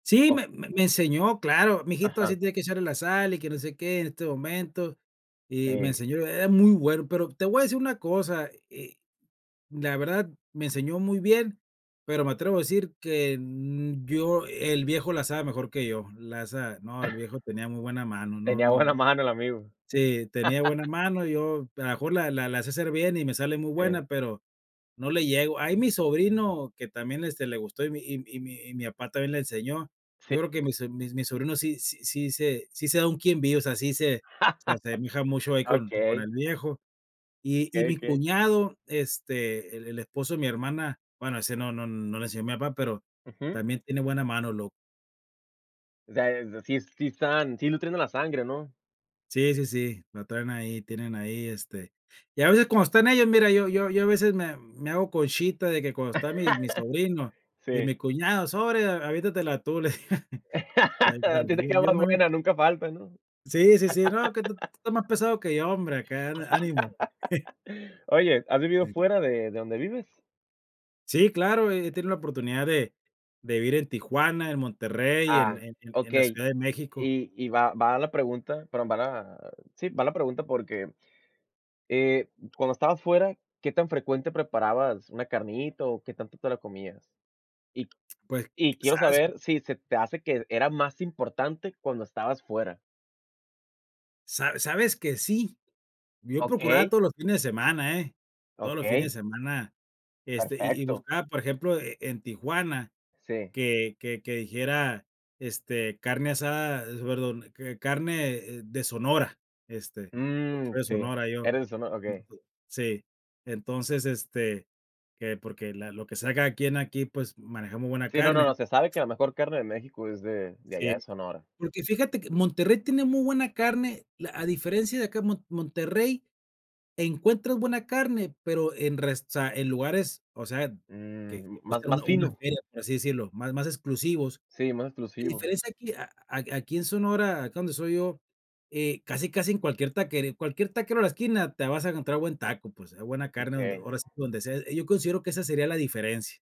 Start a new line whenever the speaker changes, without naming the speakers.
Sí,
O
me me enseñó, claro, mi hijito, así
Ajá.
tiene que echarle la sal y que no sé qué en este momento, y me
Eh.
enseñó. Era muy bueno, pero, te voy a decir una cosa, eh, la verdad me enseñó muy bien, pero me atrevo a decir que n yo el viejo la sabe mejor que yo, la sabe, no, el viejo tenía muy buena mano, no,
Tenía
no
buena mano el amigo.
sí, tenía buena mano, yo, a lo mejor la la la sé hacer bien y me sale muy
Okey.
buena, pero no le llego. Ahí mi sobrino, que también, este, le gustó y mi y y mi y mi papá también le enseñó.
Sí.
Yo creo que mise mis mis sobrinos sí sí sí se sí se da un quién vive, o sea, sí se se asemeja mucho ahí con con
Okey.
el viejo. Y y
Okey,
mi
okey.
cuñado, este, el el esposo de mi hermana, bueno, ese no no no le enseñó mi papá, pero
Ujú.
también tiene buena mano, lo
O sea, sí sí están, sí nutriendo la sangre, ¿no?
Sí, sí, sí, lo traen ahí, tienen ahí, este y a veces cuando están ellos, mira, yo yo yo a veces me me hago conchita de que cuando está mi mi sobrino y
Sí.
mi cuñado, sorry, a avientatela tu, le a él
A ti te
también.
queda más buena, nunca falta, ¿no?
Sí, sí, sí. "No, que tú estás más pesado que yo, hombre, acá ana ánimo".
Oye, ¿has vivido
Sí.
fuera de de donde vives?
Sí, claro, he he tenido la oportunidad de de vivir en Tijuana, en Monterrey, en
Ah,
en en en la
okey.
Ciudad de México.
Y y va va la pregunta, perdón, va la sí, va la pregunta porque, eh, cuando estabas fuera, ¿qué tan frecuente preparabas una carnita, o, qué tanto te la comías? Y q
Pues,
y quiero
quizas, sí.
saber si se te hace que era más importante cuando estabas fuera.
Sa sabes que sí, yo procuraba
Okey.
todos los fines de semana, ¿eh?, todos los
Okey.
fines de semana, este, y y
Perfecto.
buscaba, por ejemplo, e en Tijuana,
Sí.
que que que dijera, este, carne asada, perdón, que carne de Sonora, este, porque
Mm,
soy de
sí,
Sonora yo.
eres de Sono okey.
Ento Sí. Entonces, este, que porque la lo que se haga aquí en aquí, pues, manejamos buena
Sí, no, no,
carne.
no, se sabe que lo mejor carne de México es de de
Sí.
allá de Sonora.
Porque fíjate que Monterrey tiene muy buena carne, la a diferencia de acá en mo Monterrey encuentro buena carne, pero en resta en lugares, o sea, que
Mm,
te
más
cuesta
más
una una
fino.
feria, por así decirlo, más más exclusivos.
Sí, más
La
exclusivos.
diferencia aquí a aquí en Sonora, acá donde soy yo, eh, casi, casi en cualquier taquería, cualquier taquero a la esquina te vas a encontrar buen taco, pues, hay buena carne, donde,
Okey.
ahora sí, donde sea, yo considero que esa sería la diferencia.